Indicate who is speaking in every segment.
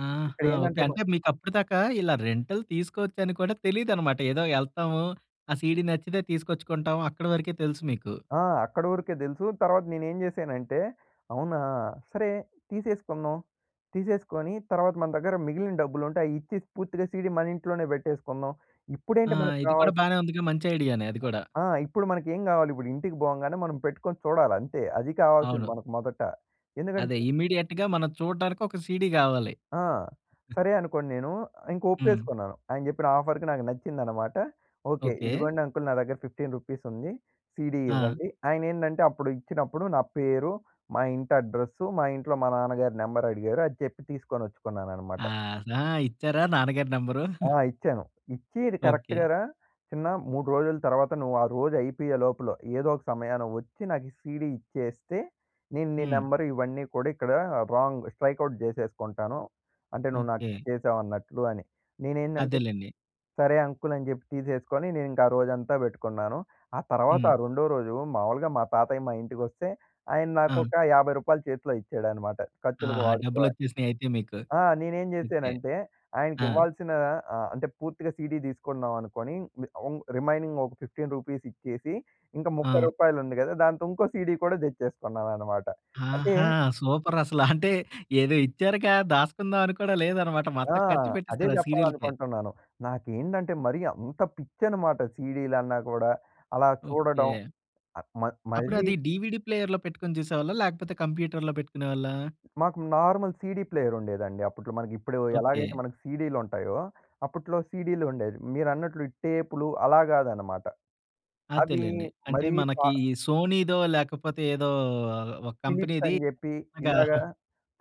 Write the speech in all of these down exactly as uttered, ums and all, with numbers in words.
Speaker 1: ఆహా! ఓకే.
Speaker 2: ఇక్కడేందంటే బ
Speaker 1: అంటే మీకప్పటిదాకా ఇలా రెంటల్ తీసుకోవచ్చని కూడా తెలీదనమాట. ఏదో ఎళ్తాము ఆ సీడీ నచ్చితే తీసుకొచ్చుకుంటాము, అక్కడి వరకే తెలుసు మీకు.
Speaker 2: ఆ! అక్కడ వరకే దెలుసు. తరువాత నేనేం జేశానంటే, అవునా సరే! తీసేసుకుందాం. తీసేసుకొని తర్వాత మన దగ్గర మిగిలిన డబ్బులు ఉంటే అయిచ్చేసి పూర్తిగా సీడీ మన ఇంట్లోనే పెట్టేసుకుందాం.
Speaker 1: ఆ!
Speaker 2: ఇప్పుడేంటి మనకు
Speaker 1: ఇది కూడా
Speaker 2: కావాల్
Speaker 1: బానే ఉందిగా మంచి ఐడియానే అది కూడా.
Speaker 2: ఆ ఆ! ఇప్పుడు మనకేం గావాలి. ఇప్పుడింటికి పోంగానే మనం పెట్టుకొని చూడాలి. అంతే. అది కావాల్సింది
Speaker 1: అవును.
Speaker 2: మనకు మొదట.
Speaker 1: అదే
Speaker 2: ఎందుకంటే
Speaker 1: ఇమ్మీడియేట్‌గా మనం చూడటానికి ఒక సీడీ గావాలి.
Speaker 2: ఆ! సరే అనుకోనేను ఇంక
Speaker 1: హ్మ్.
Speaker 2: ఒప్పేసుకున్నాను. ఆయన జెప్పిన ఆఫర్‌కి నాకు నచ్చిందనమాట. ఓకే.
Speaker 1: ఓకే.
Speaker 2: ఇదిగోండి అంకల్ నా దగ్గర ఫిఫ్టీన్ రూపీస్ ఉంది, సీడీ
Speaker 1: ఆ!
Speaker 2: ఇవ్వండి. ఆయనేందంటే అప్పుడు ఇచ్చినప్పుడు నా పేరు, మా ఇంటి అడ్రెస్సు, మా ఇంట్లో మా నాన్నగారు నెంబర్ అడిగారు అది చెప్పి తీసుకోచ్చుకున్నానన్నమాట.
Speaker 1: ఆ! జా ఇచ్చారా నాన్నగారి నంబరు?
Speaker 2: ఆ! ఇచ్చాను. ఇచ్చి "ఇది
Speaker 1: ఓకే.
Speaker 2: కరెక్ట్‌గా రా చిన్న మూడు రోజుల తర్వాత నువ్వు ఆ రోజు అయిపోయే లోపల ఏదోక సమయాన ఒచ్చి నాకి ఈ సీడీ ఇచ్చేస్తే, నేను నీ
Speaker 1: హ్మ్.
Speaker 2: నెంబర్ ఇవన్నీ కూడా ఇక్కడ రాంగ్ స్ట్రైక్ అవుట్ చేసేసుకుంటాను. అంటే నువ్వు
Speaker 1: ఓకే.
Speaker 2: నాకిచ్చేసావు అన్నట్లు అని." నేనేందంటే
Speaker 1: అదేలెండి.
Speaker 2: సరే అంకల్ అని జెప్పి తీసేసుకొని నేను ఇంకా ఆ రోజంతా బెట్టుకున్నాను. ఆ తర్వాత
Speaker 1: హ్మ్.
Speaker 2: ఆ రెండో రోజు మామూలుగా మా తాతయ్య మా ఇంటికొస్తే ఆయన నాకు
Speaker 1: ఆ!
Speaker 2: ఒక యాభై రూపాయలు చేతిలో ఇచ్చాడన్నమాట ఖర్చులకు
Speaker 1: ఆహా!
Speaker 2: వాడుకో అని.
Speaker 1: డబ్బులొచ్చేసినాయి అయితే మీకు.
Speaker 2: ఆ! నేనేం
Speaker 1: ఓకే.
Speaker 2: జేశానంటే ఆయనకి
Speaker 1: ఆ!
Speaker 2: ఇవ్వాల్సిన ఆహ్, అంటే పూర్తిగా సీడీ తీసుకున్నాం అనుకోని అం ఉంగ్ రిమైనింగ్ ఒక ఫిఫ్టీన్ రూపీస్ ఇచ్చేసి ఇంకా ముప్పై
Speaker 1: ఆ!
Speaker 2: రూపాయలుంది గదా! దాంతో ఇంకో సీడీ గూడా తెచ్చేసుకున్నానన్నమాట. అంటే
Speaker 1: ఆహా! సూపర్ అసల. అంటే ఏదో ఇచ్చారుగా దాసుకుందాం అని కూడా లేదన్నమాట.
Speaker 2: ఆ!
Speaker 1: మొత్తం ఖర్చు
Speaker 2: అదే
Speaker 1: పెట్టేసారు ఆ సీడీలకే.
Speaker 2: చెప్పాలనుకుంటున్నాను. నాకేంటంటే మరి అంత పిచ్చనమాట సీడీలు అన్నా కూడా, అలా చూడడం.
Speaker 1: ఓకే.
Speaker 2: ఆహ్, మ మరీ
Speaker 1: అప్పుడది డీవీడీ ప్లేయర్‌లో పెట్టుకొని జూసేవాళ్ళా, లేకపోతే కంప్యూటర్‌లో పెట్టుకునేవాళ్ళా?
Speaker 2: మాకు నార్మల్ సీడీ ప్లేయర్ ఉండేదండి. అప్పట్లో మనకిప్పుడు
Speaker 1: ఓకే.
Speaker 2: ఎలాగైతే మనకి సీడీలుంటాయో, అప్పట్లో సీడీలుండేవి. మీరన్నట్లు ఈ టేప్‌లు అలా గాదన్నమాట. అవి
Speaker 1: అంతేలెండి. అంటే
Speaker 2: మరీ కా
Speaker 1: మనకి ఈ సోనీదో లేకపోతే ఏదో ఒక
Speaker 2: ఫిలిప్స్
Speaker 1: కంపెనీది
Speaker 2: అని జెప్పి,
Speaker 1: అలాగా
Speaker 2: ఇలాగ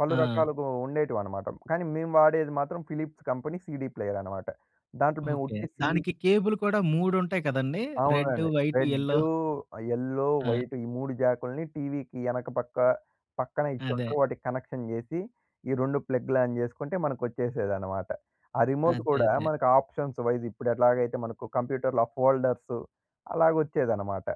Speaker 2: పలు
Speaker 1: ఆ!
Speaker 2: రకాలుగా ఉండేటివన్నమాట. కానీ మేము వాడేది మాత్రం ఫిలిప్స్ కంపెనీ సీడీ ప్లేయర్ అన్నమాట. దాంట్లో మేము
Speaker 1: ఓకే.
Speaker 2: ఉట్టి సియి
Speaker 1: దానికి కేబుల్ కూడా మూడుంటాయి కదండీ. రెడ్డు,
Speaker 2: అవునండి.
Speaker 1: White, yellow.
Speaker 2: రెడ్డు, ఆ యెల్లో,
Speaker 1: ఆ!
Speaker 2: వైట్ ఈ మూడు జాకుల్ని టీవీకి ఎనక పక్క
Speaker 1: అదే.
Speaker 2: పక్కనిచ్చింటారు. వాటికి కనెక్షన్ జేసి ఈ రెండు ప్లగ్‌లాన్ జేసుకుంటే మనకొచ్చేసేదన్నమాట. ఆ రిమోట్
Speaker 1: అదే.
Speaker 2: గూడా
Speaker 1: అదే.
Speaker 2: మనకు ఆప్షన్స్ వైస్ ఇప్పుడేట్లాగైతే మనకు కంప్యూటర్‌లో ఆ ఫోల్డర్స్ అలాగొచ్చేదన్నమాట.